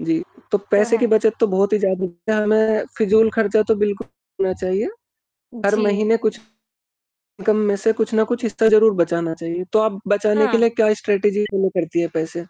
जी, तो तो पैसे की है। बचत तो बहुत ही ज़्याद हमें फिज़ूल खर्चा तो बिल्कु ना चाहिए, हर जी। महीने कुछ इन्कम में से कुछ न कुछ हिस्सा ज़रूर बचाना चाहिए, तो आप बचाने के हाँ। लिए क्या स्ट्रैटिजी फ़ॉलो करती हैं पैसे?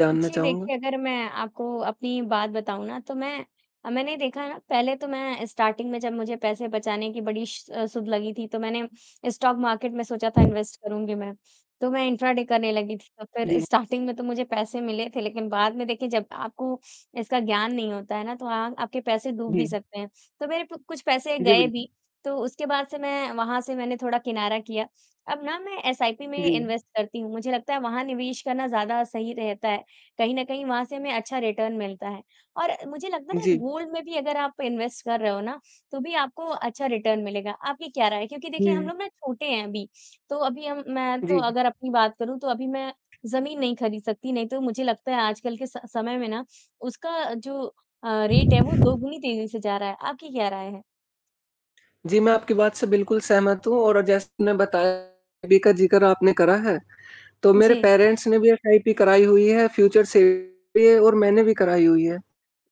जानना जी, चाहूँगा। देखिए, अगर मैं आपको अपनी बात बताऊँ ना, तो मैं अ, मैंने ये देखा ना, पहले तो मैं स्टार्टिंग में जब मुझे पैसे बचाने की बड़ी श अ, सुध लगी थी, तो मैंने स्टॉक मार्केट में, सोचा था, इन्वेस्ट करूँगी मैं। तो मैं इंट्राडे करने लगी थी, तो फिर जी। स्टार्टिंग में तो मुझे पैसे मिले थे, लेकिन बाद में, देखिए, जब आपको इसका ज्ञान नहीं होता है ना, तो अ, आपके पैसे डूब भी जी। सकते हैं, तो मेरे प कुछ पैसे जी। गए बिल्कु भी, तो उसके बाद से मैं वहाँ से मैंने थोड़ा किनारा किया। अब ना, मैं एसआइपी में जी। इन्वेस्ट करती हूँ, मुझे लगता है, वहाँ निवेश करना ज़्यादा सही रहता है। कहीं न कहीं, वहाँ से हमें अच्छा रिटर्न मिलता है। और मुझे लगता है ना, जी। गोल्ड में भी अगर आप इन्वेस्ट कर रहे हो ना, तो भी आपको अच्छा रिटर्न मिलेगा, आपकी क्या राय है? क्योंकि देखिए, हम हुँ। लोग ना छोटे हैं अभी, तो अभी हम मैं तो जी। अगर अपनी बात करूँ, तो अभी मैं ज़मीन नहीं खरीद सकती, नहीं तो मुझे लगता है, आजकल के स समय में ना, उसका जो अ, रेट है, वो दोगुनी तेज़ी से जा रहा है, आपकी क्या राय है? जी, मैं आपकी बात से बिल्कुल सहमत हूँ, और जैसे मैंने बताया, [unintelligible] का ज़िक्र आपने करा है, तो मेरे जी। पेरेंट्स ने भी एसआईपी कराई हुई है, फ्यूचर [unintelligible] भी है, और मैंने भी कराई हुई है।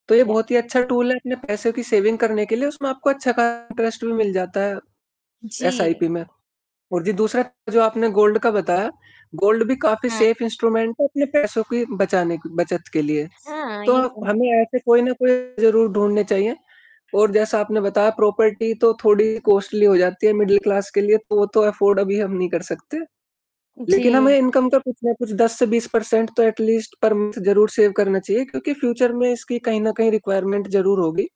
तो ये याह। बहुत ही अच्छा टूल है, अपने पैसों की सेविंग करने के लिए, उसमें आपको अच्छा खासा इंटरेस्ट भी मिल जाता है एसआईपी जी। में। और जी, दूसरा जो आपने गोल्ड का बताया गोल्ड भी काफ़ी हाँ। सेफ़ इंस्ट्रूमेंट है, अपने पैसों की बचाने क बचत के लिए। हाँ, तो ये तो है। हमें ऐसे कोई न कोई ज़रूर ढूँढने चाहिए, और जैसा आपने बताया, प्रॉपर्टी तो थोड़ी कॉस्ट्ली हो जाती है मिडल क्लास के लिए, तो वो तो अफ़ॉर्ड अभी हम नहीं कर सकते। लेकिन हमें जी। इनकम का कुछ न कुछ 10 से 20% तो एट लीस्ट पर मंथ ज़रूर सेव करना चाहिए, क्योंकि फ्यूचर में इसकी कहीं न कहीं रिक्वायरमेंट ज़रूर होगी।